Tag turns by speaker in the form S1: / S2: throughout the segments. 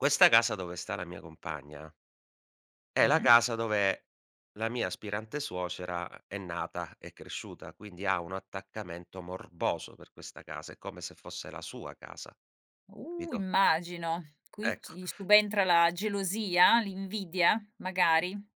S1: Questa casa dove sta la mia compagna è la
S2: Mh-mh.
S1: casa dove la mia aspirante suocera è nata e cresciuta, quindi ha uno attaccamento morboso per questa casa, è come se fosse la sua casa,
S2: Uh!
S1: capito?
S2: Immagino. Qui chi
S1: Ecco.
S2: gli subentra la gelosia? L'invidia, magari?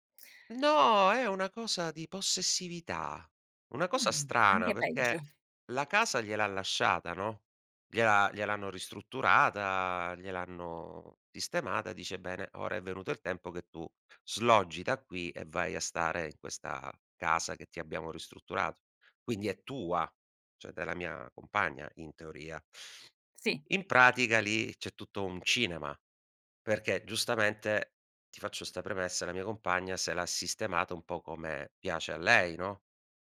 S1: No! È una cosa di possessività. Una cosa
S2: Mh,
S1: strana,
S2: anche peggio.
S1: perché la casa gliel'ha lasciata, no, gliel'ha gliel'hanno ristrutturata, gliel'hanno sistemata, dice: "Bene, ora è venuto il tempo che tu sloggi da qui e vai a stare in questa casa che ti abbiamo ristrutturato. Quindi è tua" cioè, della mia compagna in teoria
S2: Sì.
S1: in pratica lì c'è tutto un cinema. Perché giustamente, ti faccio 'sta premessa, la mia compagna se l'ha sistemato un po' come piace a lei, no,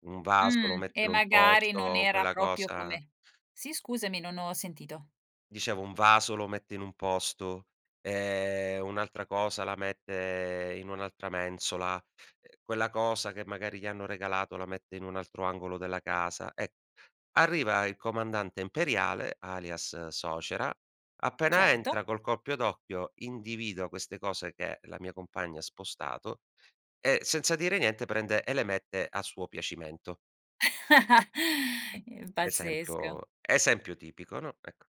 S1: un vaso lo
S2: Mh,
S1: mette
S2: e
S1: in un
S2: magari non
S1: posto,
S2: era
S1: quella
S2: proprio
S1: cosa
S2: come sì, scusami, non ho sentito.
S1: Dicevo un vaso lo mette in un posto, ehm, un'altra cosa la mette in un'altra mensola. Ehm, quella cosa che magari gli hanno regalato la mette in un altro angolo della casa, e arriva il comandante imperiale, alias suocera, appena
S2: Certo.
S1: entra col colpo d'occhio individua queste cose che la mia compagna ha spostato, e senza dire niente prende e le mette a suo piacimento.
S2: Ehm, pazzesca.
S1: Esempio esempio tipico, no, ecco.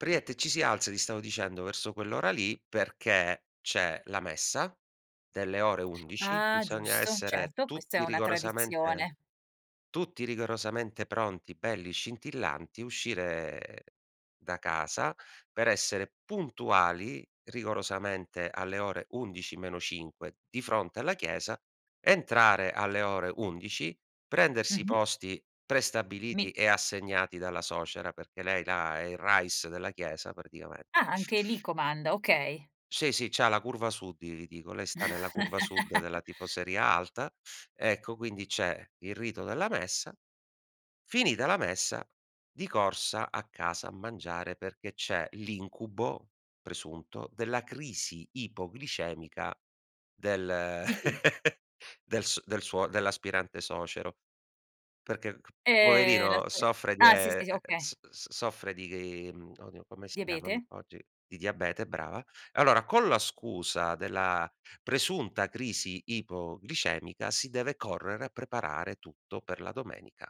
S1: Praticamente ci si alza, ti stavo dicendo, verso quell'ora lì, perché c'è la messa delle ore 11,
S2: Ah!
S1: bisogna
S2: Giusto,
S1: essere
S2: certo, questa è
S1: tutti
S2: una
S1: rigorosamente
S2: tradizione.
S1: tutti rigorosamente pronti, belli scintillanti, uscire da casa per essere puntuali, rigorosamente alle ore 11 meno 5 di fronte alla chiesa, entrare alle ore 11, prendersi i
S2: Mh-mh.
S1: posti
S2: Mi
S1: prestabiliti e assegnati dalla suocera, perché lei là è il rais della chiesa praticame
S2: Ah, anche lì comanda, okay.
S1: Sì, sì, c'ha la curva sud, i li dico, lei sta nella curva sud della tifoseria alta, ecco, quindi c'è il rito della messa. Finita la messa, di corsa a casa a mangiare perché c'è l'incubo, presunto, della crisi ipoglicemica del
S2: Di chi?
S1: del s del suo dell'aspirante suocero. Perché c
S2: Ehm, la
S1: poverino
S2: sale
S1: soffre di e
S2: ah sì,
S1: ehm, ehm,
S2: sì,
S1: s
S2: okay.
S1: s soffre di grim oddio come si chiama, mhmm,
S2: Diabete?
S1: oggi di diabete, brava. E allora, con la scusa della presunta crisi ipoglicemica si deve correre a preparare tutto per la domenica.